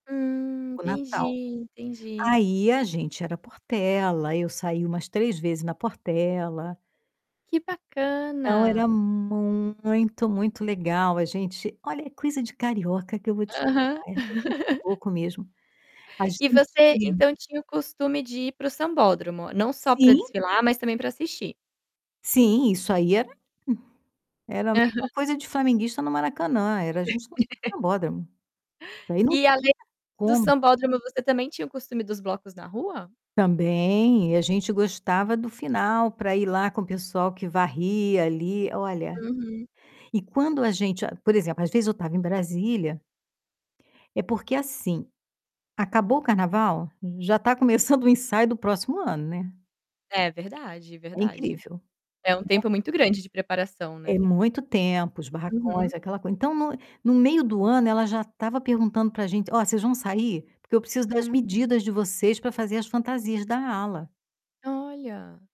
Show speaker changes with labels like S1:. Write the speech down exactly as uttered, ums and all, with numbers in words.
S1: Hum.
S2: O Natal.
S1: Entendi, entendi.
S2: Aí a gente era Portela. Aí eu saí umas três vezes na Portela.
S1: Que
S2: Então era
S1: bacana.
S2: muito, muito legal. A gente olha é coisa de carioca que eu vou te
S1: Aham.
S2: falar [unintelligible] pouco mesmo. A
S1: E você,
S2: gente
S1: então, tinha o costume de ir para o sambódromo, não só para
S2: Sim.
S1: desfilar, mas também para assistir?
S2: Sim, isso aí era era a mesma
S1: Aham.
S2: coisa de flamenguista no Maracanã, era a gente no sambódromo. Isso aí não
S1: E
S2: tinha
S1: além do
S2: como.
S1: sambódromo você também tinha o costume dos blocos na rua?
S2: Também. E a gente gostava do final para ir lá com o pessoal que varria ali, olha.
S1: Uhum.
S2: E quando a gente a por exemplo, às vezes eu estava em Brasília É porque assim, acabou o carnaval, já está começando o ensaio do próximo ano, né.
S1: É verdade,
S2: É
S1: verdade.
S2: incrível,
S1: É um
S2: né.
S1: tempo muito grande de preparação,
S2: É
S1: né.
S2: muito tempo, os barracões,
S1: Uhum.
S2: aquela coisa. Então no no meio do ano ela já estava perguntando para gente: "Ó, vocês vão sair? Porque eu preciso das
S1: Hum.
S2: medidas de vocês para fazer as fantasias da ala".
S1: Olha.